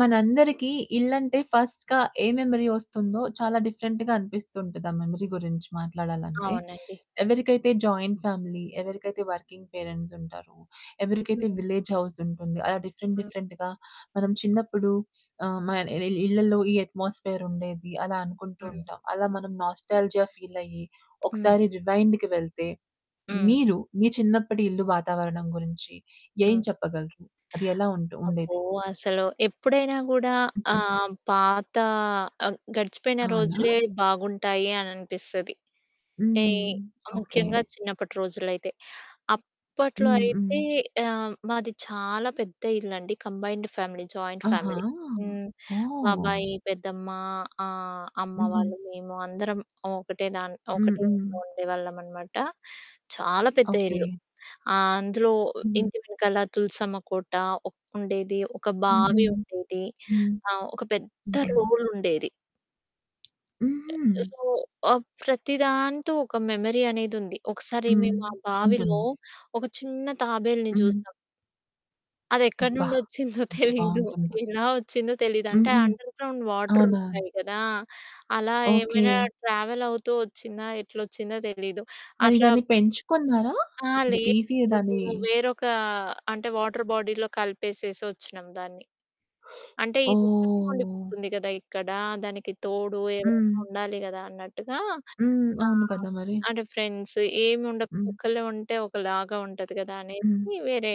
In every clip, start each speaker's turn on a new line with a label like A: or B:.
A: మనందరికీ ఇల్లంటే ఫర్స్ట్‌గా ఏ మెమరీ వొస్తుందో, చాలా డిఫరెంట్‌గా అనిపిస్తుంటది, ఆ మెమరీ గురించి మాట్లాడాలంటే.
B: అవునండి.
A: ఎవరికైతే జాయింట్ ఫ్యామిలీ, ఎవరికైతే వర్కింగ్ పేరెంట్స్ ఉంటారో, ఎవరికైతే
B: హ్మ్.
A: విలేజ్ హౌస్ ఉంటుంది, అలా డిఫరెంట్,
B: హ్మ్.
A: డిఫరెంట్‌గా మనం చిన్నప్పుడు ఆహ్, మ ఇ ఇళ్ళలో ఈ అట్మాస్ఫియర్ ఉండేది, అలా
B: హ్మ్.
A: అనుకుంటుంటాం. అలా మనం నాస్టాల్జియా ఫీల్ అయ్యి,
B: హ్మ్.
A: ఒకసారి రివైండ్‌కి వెళ్తే,
B: హ్మ్.
A: మీరు మీ చిన్నప్పటి ఇల్లు వాతావరణం గురించి ఏం
B: హ్మ్.
A: చెప్పగలరు? అది ఎలా ఉంటు
B: అబ్బో!
A: ఉండేది?
B: అసలు ఎప్పుడైనా గూడా
A: హ్మ్.
B: ఆహ్, పాత అ గడిచిపోయిన
A: అవునా!
B: రోజులే బాగుంటాయి అననిపిస్తది. అంటే,
A: హ్మ్. ఓకె.
B: ముఖ్యంగా చిన్నప్పటి రోజుల్లో అయితే. అప్పట్లో
A: హ్మ్. హ్మ్.
B: అయితే ఆహ్, మాది చాలా పెద్ద ఇల్లండి, కంబైన్డ్ ఫ్యామిలీ, జాయింట్
A: ఆహా!
B: ఫ్యామిలీ. హ్మ్,
A: ఓహ్!
B: బాబాయి, పెద్దమ్మ, ఆహ్, అమ్మ
A: హుహు.
B: వాళ్ళు, మేము అందరం ఒకటే దాన్
A: హ్మ్.
B: ఒకటే
A: హ్మ్.
B: ఇంట్లో ఉండేవాళ్ళమన్నమాట. చాలా పెద్ద
A: ఓకె.
B: ఇల్లు. ఆ అందులో
A: హ్మ్.
B: ఇంటి వెనకాల తులసమ్మ కోట, ఒక్ ఉండేది. ఒక
A: హుహు.
B: బావి ఉండేది.
A: హ్మ్.
B: ఆ! ఒక పెద్ద
A: హ్మ్.
B: రోలుండేది.
A: హ్మ్.
B: అ
A: హ్మ్.
B: సో, ఆహ్, ప్రతి దాంతో ఒక మెమరీ అనేది ఉంది. ఒకసారి
A: హ్మ్.
B: మేము మా బావిలో
A: ఉంటుంది.
B: ఒక చిన్న తాబేలుని
A: హ్మ్.
B: చూసాం. అదెక్కడి
A: అబ్బా!
B: నుండి వొచ్చిందో
A: ఎంత
B: తెలీదు.
A: బావుంటుందో.
B: ఎలా వొచ్చిందో తెలీదు. అంటే
A: హుహు.
B: అండర్ గ్రౌండ్ వాటర్
A: అవునా?
B: ఉంటాయి కదా! అలా ఏమైనా
A: ఓకె.
B: ట్రావెల్ అవుతూ వొచ్చిందా? ఎట్లొచ్చిందో తెలీదు
A: మరి
B: అట్లా
A: దాన్ని పెంచుకున్నారా?
B: అహా!
A: అది
B: లేదు.
A: తీసి దాన్ని
B: మేము వేరొక అంటే, వాటర్ బాడీలో కలిపేసేసి వొచ్చినాం దాన్ని. అంటే ఇది ఒక్కటి
A: ఓహ్!
B: ఉండిపోతుంది కదా! ఇక్కడ. దానికి తోడు ఎవరైనా
A: హ్మ్.
B: ఉండాలి కదా! అన్నట్టుగా.
A: హ్మ్. అవును
B: ఆహ్,
A: కదా! మరి.
B: అంటే ఫ్రెండ్స్ ఏమి ఉండదు,
A: హ్మ్.
B: ఒక్కలే ఉంటే ఒకలాగా ఉంటది కదా! అనేసి.
A: హ్మ్.
B: వేరే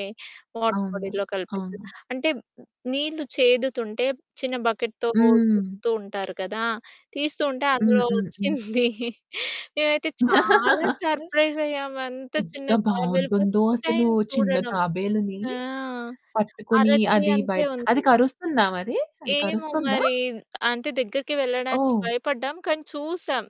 B: వాటర్
A: అవును.
B: బాడీలో కలిపేసాం.
A: అవును.
B: అంటే, నీళ్ళు చేదుతుంటే చిన్న బకెట్‌‌తో
A: హ్మ్.
B: తిప్పుతూ ఉంటారు కదా! తీస్తుంటే
A: హ్మ్.
B: అందులో
A: హ్మ్. హ్మ్.
B: వొచ్చింది. మేమైతే చాలా సర్ప్రైజ్ అయ్యాము. అంత చిన్న
A: ఎంత
B: తాబేలు ఫర్స్ట్
A: బావుంటుందో అసలు,
B: టైమ్
A: చిన్న
B: చూడడం.
A: తాబేలుని
B: ఆ!
A: పట్టుకొని,
B: అరచెయ్యి
A: అది
B: అంతే
A: బయట అది
B: ఉంది.
A: కరుస్తుందా మరి? అది
B: ఏమో
A: కరుస్తుందా?
B: మరి. అంటే దగ్గరికి వెళ్ళడానికి
A: ఓహ్!
B: భయపడ్డాం. కానీ చూసాం.